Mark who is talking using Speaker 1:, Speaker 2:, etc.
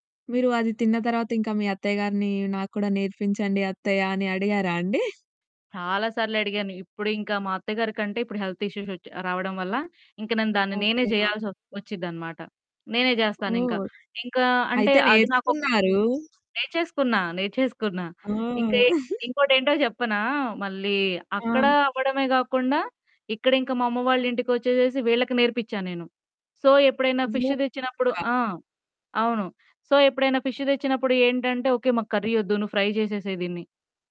Speaker 1: మీరు అది తిన్న తర్వాత ఇంకా మీ అత్తయ్య గారిని నాకు కూడా నేర్పించండి అత్తయ్యా అని అడిగారా అండి?
Speaker 2: చాలా సార్లడిగాను. ఇప్పుడింకా మా అత్తగారి కంటే ఇప్పుడు హెల్త్ ఇష్యూస్ వచ్చి రావడం వల్ల ఇంకా దాన్ని నేనే
Speaker 1: ఓకె. ఆ!
Speaker 2: జేయాల్సి వ వచ్చిద్దనమాట. నేనే జేస్తానింకా.
Speaker 1: ఓహ్!
Speaker 2: ఇంకా అంటే
Speaker 1: అయితే
Speaker 2: అది నాకు
Speaker 1: నేర్చుకున్నారూ!
Speaker 2: నేర్చేసుకున్నా, నేర్చేసుకున్నా.
Speaker 1: ఆ!
Speaker 2: ఇంకఏట్ ఇంకోటేంటో జెప్పనా! మళ్ళీ అక్కడా
Speaker 1: ఆ!
Speaker 2: అవ్వడమే గాకుండా ఇక్కడింక మా అమ్మ వాళ్ళింటికొచ్చేసేసి వీళ్ళకి నేర్పించాను నేను. సో, ఎప్పుడైనా
Speaker 1: ఓ
Speaker 2: ఫిష్ తెచ్చినప్పుడు.
Speaker 1: [unintelligible]
Speaker 2: ఆ! అవును. సో, ఎప్పుడైనా ఫిష్ దెచ్చినప్పుడు ఏంటంటే, ఓకే మాకు కర్రీ వద్దు నువ్వు ఫ్రై జేసేసేయి దీన్ని.